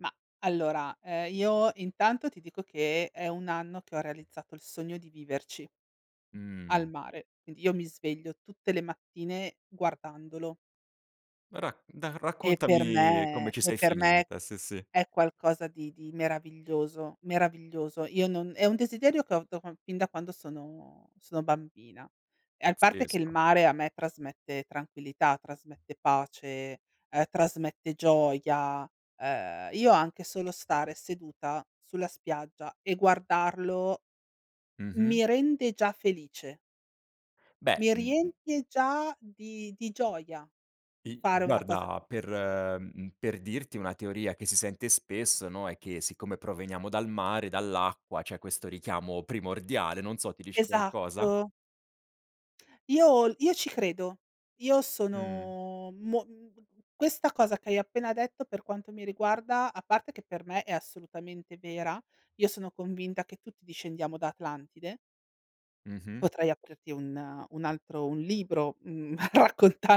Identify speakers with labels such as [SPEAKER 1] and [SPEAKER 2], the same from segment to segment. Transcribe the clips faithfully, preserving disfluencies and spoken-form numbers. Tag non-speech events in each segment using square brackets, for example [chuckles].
[SPEAKER 1] Mah allora, ehm, io intanto ti dico che è un anno che ho realizzato il sogno di viverci al
[SPEAKER 2] Mh.
[SPEAKER 1] mare. Quindi io mi sveglio tutte le mattine guardandolo.
[SPEAKER 2] Rac dai
[SPEAKER 1] E per
[SPEAKER 2] raccontami come
[SPEAKER 1] me
[SPEAKER 2] ci
[SPEAKER 1] e
[SPEAKER 2] sei
[SPEAKER 1] per me
[SPEAKER 2] finita, sì, sì.
[SPEAKER 1] è qualcosa di di meraviglioso, meraviglioso. Io non è un desiderio che ho da quan fin da quando sono sono bambina. E a parte che il
[SPEAKER 2] Pazzesco.
[SPEAKER 1] mare a me trasmette tranquillità, trasmette pace, ehm, trasmette gioia. Ehm, io anche solo stare seduta sulla spiaggia e guardarlo,
[SPEAKER 2] Mh-mh.
[SPEAKER 1] mi rende già felice.
[SPEAKER 2] Beh,
[SPEAKER 1] Mi
[SPEAKER 2] mh, mh.
[SPEAKER 1] riempie già di di gioia,
[SPEAKER 2] I
[SPEAKER 1] fare una cosa del
[SPEAKER 2] guarda per
[SPEAKER 1] genere.
[SPEAKER 2] mhmm, per dirti una teoria che si sente spesso, no, è che siccome proveniamo dal mare, dall'acqua, c'è questo richiamo primordiale, non so, ti dice qualcosa?
[SPEAKER 1] Esatto. Io l io ci credo. Io
[SPEAKER 2] Mh.
[SPEAKER 1] sono mo mhmm, questa cosa che hai appena detto, per quanto mi riguarda, a parte che per me è assolutamente vera, io sono convinta che tutti discendiamo da Atlantide.
[SPEAKER 2] Mh-mh.
[SPEAKER 1] Potrei aprirti un un altro un libro, mhmm,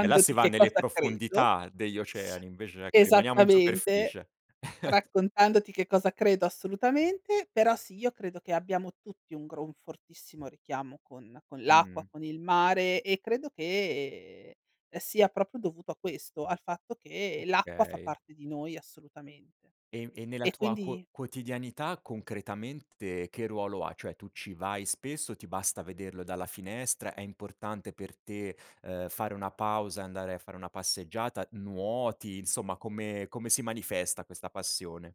[SPEAKER 2] E là si va
[SPEAKER 1] che
[SPEAKER 2] nelle
[SPEAKER 1] cosa credo.
[SPEAKER 2] profondità degli oceani, invece ecco rimaniamo in
[SPEAKER 1] [sniffs] Esattamente,
[SPEAKER 2] superficie. [chuckles]
[SPEAKER 1] raccontandoti che cosa credo assolutamente, però sì, io credo che abbiamo tutti un gro un fortissimo richiamo con con l'acqua,
[SPEAKER 2] Mh.
[SPEAKER 1] con il mare, e credo che sia propio dovuto a questo, al fatto che l'acqua fa
[SPEAKER 2] Okay.
[SPEAKER 1] parte di noi assolutamente.
[SPEAKER 2] E, e, nella
[SPEAKER 1] E
[SPEAKER 2] tua
[SPEAKER 1] quindi
[SPEAKER 2] quo quotidianità concretamente che ruolo ha? Cioè tu ci vai spesso, ti basta vederlo dalla finestra, è importante per te, ehm, fare una pausa, e andare a fare una passeggiata, nuoti, insomma come come si manifesta, questa passione?